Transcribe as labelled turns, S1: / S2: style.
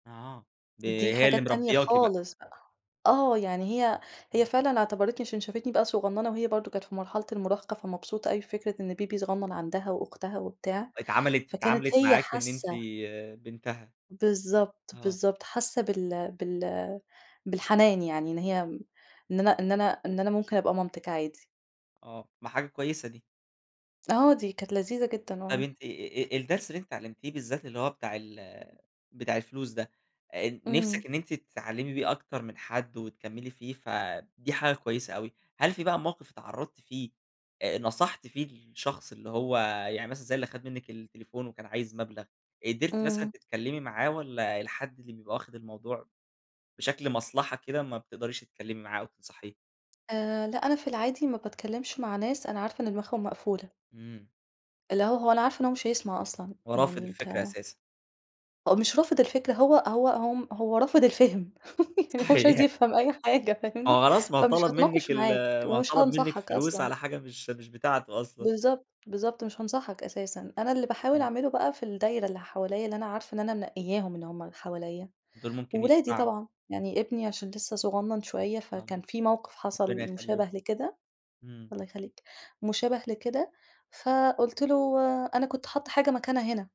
S1: آه، ب
S2: دي
S1: هي اللي
S2: حاجات تانية
S1: مربيّاكِ بقى.
S2: خالص بقى. آه، يعني هي هي
S1: حلو.
S2: فعلًا اعتبَرتني عشان شافتني بقى صغنّنة وهي برضه كانت في مرحلة المراهقة، فمبسوطة أوي بفكرة إن baby صغنّن عندها وأختها وبتاع،
S1: اتعمَلِت
S2: فكانت
S1: اتعاملِت
S2: هي
S1: معاكِ إن أنتِ
S2: حاسّة.
S1: بنتها.
S2: بالضبط،
S1: آه.
S2: بالضبط، حاسّة بال بال بالحنان، يعني إن هي م إن أنا إن أنا إن أنا ممكن أبقى مامتِك عادي.
S1: آه، ما حاجة كويسة دي.
S2: آه، دي كانت لذيذة جدًا،
S1: طيب،
S2: آه.
S1: أنتِ آآ الدرس اللي أنتِ اتعلّمتيه بالذات اللي هو بتاع ال بتاع الفلوس ده آآ،
S2: إمم.
S1: نفسِك إن أنتِ تتعلّمي بيه أكتر من حد، وتكملّي فيه ف دي حاجة كويسة أوي. هل في بقى موقِف اتعرّضتِ فيه آآ، نصَحتِ فيه الشخص اللي هو، يعني مثلًا زي اللي خَد منِك التليفون وكان عايز مبلَغ، قدِرتي مثلًا
S2: إمم.
S1: تتكلّمي معاه واَّلا الحد اللي بيبقى واخد الموضوع بشكل مصلحة كده ما بتقدريش تتكلّمي معاه أو تنصَحيه؟
S2: آآ، لأ، أنا في العادي ما باتكلّمش مع ناس أنا عارفة إن دماغهم مقفولة.
S1: إمم.
S2: اللي هو، هو أنا عارفة إن هو مش هيسمَع أصلًا،
S1: هو رافِض
S2: يعني أنت
S1: الفكرة أساسًا.
S2: هو مش رافِض الفكرة، هو هو م هو رافِض الفِهم يعني هو مش عايز
S1: صحيح.
S2: يفهَم أي حاجة،
S1: ما هو
S2: فاهمني؟
S1: خلاص، ما هو
S2: فمش
S1: طلَب منِك
S2: هاتناقش
S1: ال
S2: معاك
S1: ما هو
S2: ومش
S1: طلَب منِك
S2: هانصحَك
S1: فلوس
S2: أصلًا.
S1: على حاجة مش مش بتاعته أصلًا.
S2: بالضبط، بالضبط، مش هانصَحك أساسًا. أنا اللي باحاول
S1: إمم.
S2: أعمله بقى في الدايرة اللي حواليّا اللي أنا عارفة إن أنا منقيّاهم، إن هُم حواليا
S1: دول ممكن
S2: وولادي
S1: يسمَعوا.
S2: طبعًا، يعني ابني عشان لسه صغنّن شوية فكان
S1: آه،
S2: في موقِف
S1: ربنا
S2: حصَل
S1: يخلّيه،
S2: مشابه لكده
S1: إمم.
S2: الله يخلّيك، مشابِه لكده فقُلت له أنا كنت حاطّة حاجة مكانها هنا.